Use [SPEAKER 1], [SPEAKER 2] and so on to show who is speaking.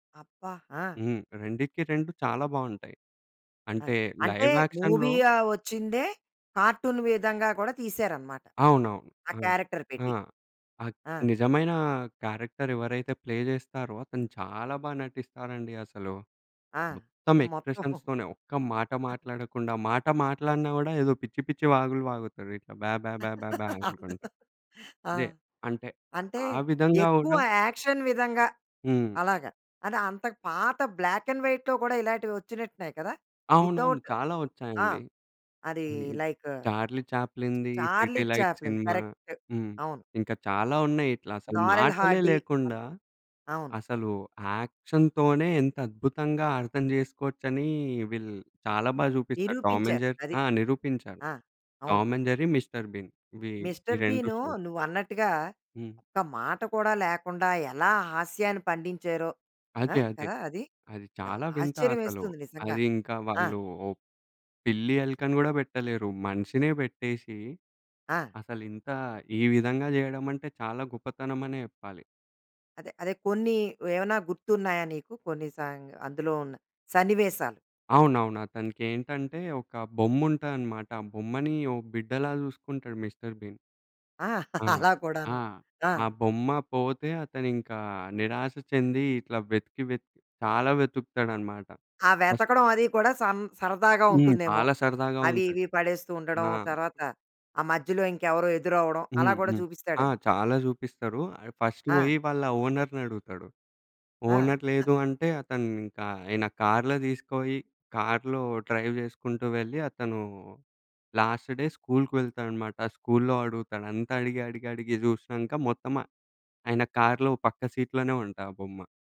[SPEAKER 1] అబ్బ! ఆ!
[SPEAKER 2] హ్మ్. రెండిటికి రెండు చాలా బావుంటాయి. అంటే
[SPEAKER 1] అది. అంటే
[SPEAKER 2] లైవ్ యాక్షన్‌లో
[SPEAKER 1] మూవీయ ఒచ్చిందే కార్టూన్ విధంగా కూడా తీసారనమాట.
[SPEAKER 2] అవునవును.
[SPEAKER 1] ఆ
[SPEAKER 2] ఆ!
[SPEAKER 1] క్యారెక్టర్
[SPEAKER 2] ఆ!
[SPEAKER 1] పెట్టి.
[SPEAKER 2] అగ్
[SPEAKER 1] ఆ!
[SPEAKER 2] నిజమైన క్యారెక్టర్ ఎవరైతే ప్లే జేస్తారో, అతను చాలా బా నటిస్తారండి అసలు.
[SPEAKER 1] ఆ!
[SPEAKER 2] మొత్తం
[SPEAKER 1] మొత్తం
[SPEAKER 2] ఎక్స్‌ప్రెషన్స్‌తోనే ఒక్క మాట మాట్లాడకుండా, మాట మాట్లాడిన గూడా ఏదో పిచ్చి పిచ్చి వాగులు వాగుతారు. ఇట్లా బాబాబాబా అనుకుంట.
[SPEAKER 1] అందులో ఆ!
[SPEAKER 2] అదే. అంటే
[SPEAKER 1] అంటే
[SPEAKER 2] ఆ విధంగా
[SPEAKER 1] ఎక్కువ
[SPEAKER 2] గూడా
[SPEAKER 1] యాక్షన్ విధంగా
[SPEAKER 2] హ్మ్.
[SPEAKER 1] అలాగా. అది అంత పాత బ్లాక్ అండ్ వైట్‌లో కూడా ఇలాంటివి వచ్చినట్టున్నయి కదా!
[SPEAKER 2] అవునవును.
[SPEAKER 1] వితౌట్
[SPEAKER 2] చాలా
[SPEAKER 1] ఆ!
[SPEAKER 2] ఒచ్చాయండి.
[SPEAKER 1] అదీ
[SPEAKER 2] హుహు.
[SPEAKER 1] లైకు
[SPEAKER 2] చార్లీ చాప్లిన్‌ది,
[SPEAKER 1] 'చార్లీ
[SPEAKER 2] 'హేడే లైట్'
[SPEAKER 1] చాప్లిన్',
[SPEAKER 2] సినిమా
[SPEAKER 1] కరెక్ట్.
[SPEAKER 2] హ్మ్.
[SPEAKER 1] అవును.
[SPEAKER 2] ఇంకా చాలా ఉన్నాయి ఇట్లా అసలు
[SPEAKER 1] 'నారెల్
[SPEAKER 2] మాటలే
[SPEAKER 1] హార్డీ'.
[SPEAKER 2] లేకుండా,
[SPEAKER 1] అలా అవును.
[SPEAKER 2] అసలు యాక్షన్‌తోనే ఎంత అద్భుతంగా అర్థం జేసుకోవచ్చనీ, వీళ్ళు చాలా బాగా జూపిస్తాడు టామ్ అండ్
[SPEAKER 1] నిరూపించారు.
[SPEAKER 2] జెర్రీ
[SPEAKER 1] అది.
[SPEAKER 2] ఆ! నిరూపించారు.
[SPEAKER 1] ఆ! అవును.
[SPEAKER 2] Tom and Jerry, mister Bean ఇవి, ఈ
[SPEAKER 1] 'మిస్టర్
[SPEAKER 2] 2
[SPEAKER 1] బీనూ'
[SPEAKER 2] షోస్.
[SPEAKER 1] నువ్వన్నట్టుగా
[SPEAKER 2] హ్మ్.
[SPEAKER 1] ఒక్క మాట కూడా లేకుండా ఎలా హాస్యాన్ని పండించారో. ఆ?
[SPEAKER 2] అదే. అదే.
[SPEAKER 1] కదా! అది.
[SPEAKER 2] అది
[SPEAKER 1] ద
[SPEAKER 2] చాలా వింత అసలు.
[SPEAKER 1] ఆశ్చర్యమేస్తుంది నిజంగా.
[SPEAKER 2] అది ఇంకా
[SPEAKER 1] ఆ!
[SPEAKER 2] వాళ్ళు పిల్లి, ఎలుకని గూడా బెట్టలేరు. మనిషినే బెట్టేషి,
[SPEAKER 1] ఆ!
[SPEAKER 2] అసలింత ఈ విధంగా జేయడమంటే చాలా గొప్పతనమనే చెప్పాలి.
[SPEAKER 1] అదే అదే, కొన్ని ఏవన్నా గుర్తున్నాయా నీకు? కొన్ని సాయంగా అందులో ఉన్న సన్నివేశాలు.
[SPEAKER 2] అవునవును. అతనికేంటంటే ఒక బొమ్ముంటాదనమాట. ఆ బొమ్మని ఓ బిడ్డలా జూసుకుంటాడు 'మిస్టర్ బీన్'.
[SPEAKER 1] ఆ!
[SPEAKER 2] ఆ!
[SPEAKER 1] అలా కూడాను.
[SPEAKER 2] ఆ!
[SPEAKER 1] ఆ!
[SPEAKER 2] ఆ బొమ్మ పోతే అతనింకా నిరాశ చెంది ఇట్లా వెతికి వెతికి చాలా వెతుకుతాడనమాట.
[SPEAKER 1] ఆ వెతకడం అది కూడా సన్ సరదాగా
[SPEAKER 2] హ్మ్.
[SPEAKER 1] ఉంటుందేమో!
[SPEAKER 2] చాలా సరదాగా
[SPEAKER 1] అవి,
[SPEAKER 2] ఉంటది.
[SPEAKER 1] ఇవి పడేస్తూ ఉండడం,
[SPEAKER 2] ఆ!
[SPEAKER 1] తర్వాత ఆ మధ్యలో ఇంకెవరో ఎదురవ్వడం అలా
[SPEAKER 2] హ్మ్.
[SPEAKER 1] కూడా
[SPEAKER 2] హ్మ్. ఆ!
[SPEAKER 1] చూపిస్తాడేమో.
[SPEAKER 2] చాలా జూపిస్తరు. ఆడు ఫస్ట్
[SPEAKER 1] ఆ!
[SPEAKER 2] పోయి వాళ్ళ ఓనర్‌ని అడుగుతడు.
[SPEAKER 1] ఆ!
[SPEAKER 2] ఓనర్ లేదు అంటే అతనింకా, ఆయన కార్లో దీసుకపోయి కార్లో డ్రైవ్ జేసుకుంటూ వెళ్ళి అతనూ లాస్ట్ డే స్కూలుకి వెళ్తాడనమాట. స్కూల్లో అడుగుతాడు. అంతా అడిగి అడిగి అడిగి జూసినంక మొత్తమ ఆయన కార్లో పక్క సీట్లోనే ఉంటా ఆ బొమ్మ.